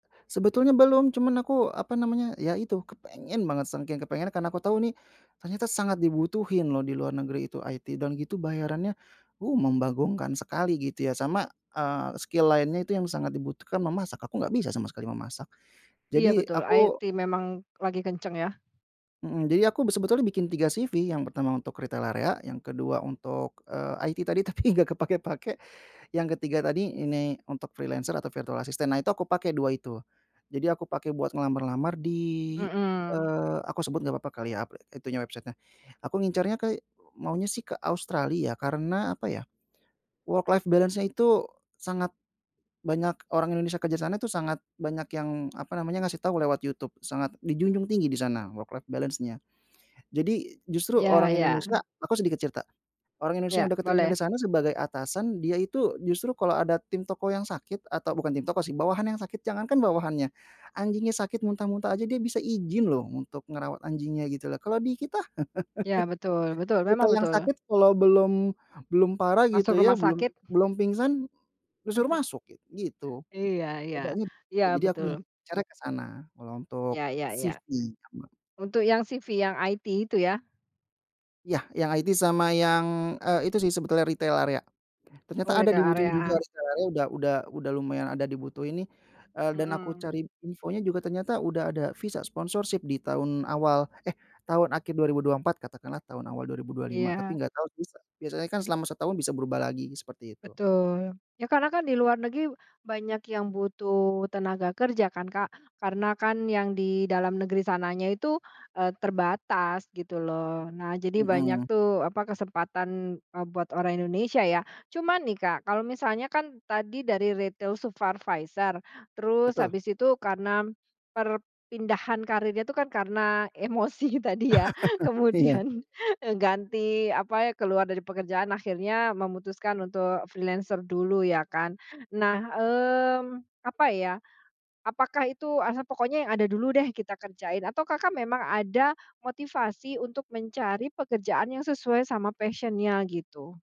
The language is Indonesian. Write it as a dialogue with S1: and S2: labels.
S1: Sebetulnya belum. Cuma aku apa namanya, ya, itu, kepengen banget, saking kepengennya karena aku tahu nih, ternyata sangat dibutuhin loh di luar negeri itu IT. Dan gitu bayarannya, uh, membagongkan sekali gitu ya. Sama, eee, skill lainnya itu yang sangat dibutuhkan memasak. Aku nggak bisa sama sekali memasak.
S2: Iya
S1: Jadi,
S2: betul.
S1: aku
S2: IT memang, lagi kencang ya.
S1: mhm. Jadi aku be sebetulnya bikin 3 CV. Yang pertama untuk retail area, yang kedua untuk, eee, IT tadi tapi, nggak kepakai-pakai, yang ketiga tadi, ini, untuk freelancer atau virtual assistant. Nah, itu aku pakai 2 itu. Jadi aku pakai buat ngelamar-ngelamar di,
S2: Mhm.
S1: eee, aku sebut nggak apa-apa kali ya, apli itu nya, website-nya. Aku ngincernya ke, maunya sih ke Australia ya, karena apa ya, worklife balance-nya itu sangat banyak, orang Indonesia kerja sana, itu sangat banyak yang apa namanya, ngasih tahu lewat YouTube, sangat dijunjung tinggi di sana worklife balance-nya. Jadi, justru
S2: Ya
S1: orang
S2: ya.
S1: Indonesia aku sedikit cerita. Orang Indonesia
S2: Ya,
S1: yang udah keterima
S2: boleh.
S1: di sana sebagai atasan, dia itu, justru kalau ada tim toko yang sakit, atau bukan tim toko sih, bawahan yang sakit. Jangankan bawahannya, anjingnya sakit muntah-muntah aja, dia bisa izin loh, untuk ngerawat anjingnya gitu loh. Kalau di kita,
S2: Ya, betul betul, memang
S1: kita yang
S2: betul.
S1: sakit, kalau belum belum parah
S2: Masuk
S1: gitu ya,
S2: rumah
S1: belum
S2: sakit.
S1: belum pingsan, justru masuk gi gitu.
S2: Iya iya.
S1: Bedanya di
S2: Iya,
S1: situ. Jadi aku ingin
S2: betul.
S1: ngincernya ke sana. Kalau untuk
S2: Ya ya ya.
S1: CV [unintelligible]
S2: Untuk yang CV, yang IT itu ya.
S1: Ya, yang IT sama yang, eee, itu sih sebetulnya, retail area.
S2: Oh,
S1: Ternyata ada
S2: retail
S1: dibutuhin juga
S2: area.
S1: retail area, udah udah udah lumayan ada dibutuhin nih, eee, dan aku
S2: Mhm.
S1: cari infonya juga ternyata udah ada Visa Sponsorship di tahun awal eh, tahun akhir 2024, katakanlah tahun awal 2025. Tapi
S2: Iya.
S1: nggak tahu visa biasanya kan selama setahun bisa berubah lagi, seperti itu.
S2: Betul. Ya, karena kan di luar negi banyak yang butuh tenaga kerja kan, Kak. Karena kan yang di dalam negeri sananya itu, eee, terbatas gitu loh. Nah, jadi
S1: Mhm.
S2: banyak tuh, apa, kesempatan, eee, buat orang Indonesia ya. Cuma nih, Kak, kalau misalnya kan, tadi dari retail supervisor, terus
S1: Betul.
S2: habis itu karena, perpindahan karirnya itu kan karena, emosi tadi ya.
S1: Iya.
S2: Kemudian, eee, ganti apa, keluar dari pekerjaan, akhirnya memutuskan untuk freelancer dulu ya kan. Nah mmm, apa ya, apakah itu, alah, pokoknya yang ada dulu deh kita kerjain, atau, Kakak, memang ada, motivasi untuk mencari pekerjaan yang sesuai sama passion-nya gitu?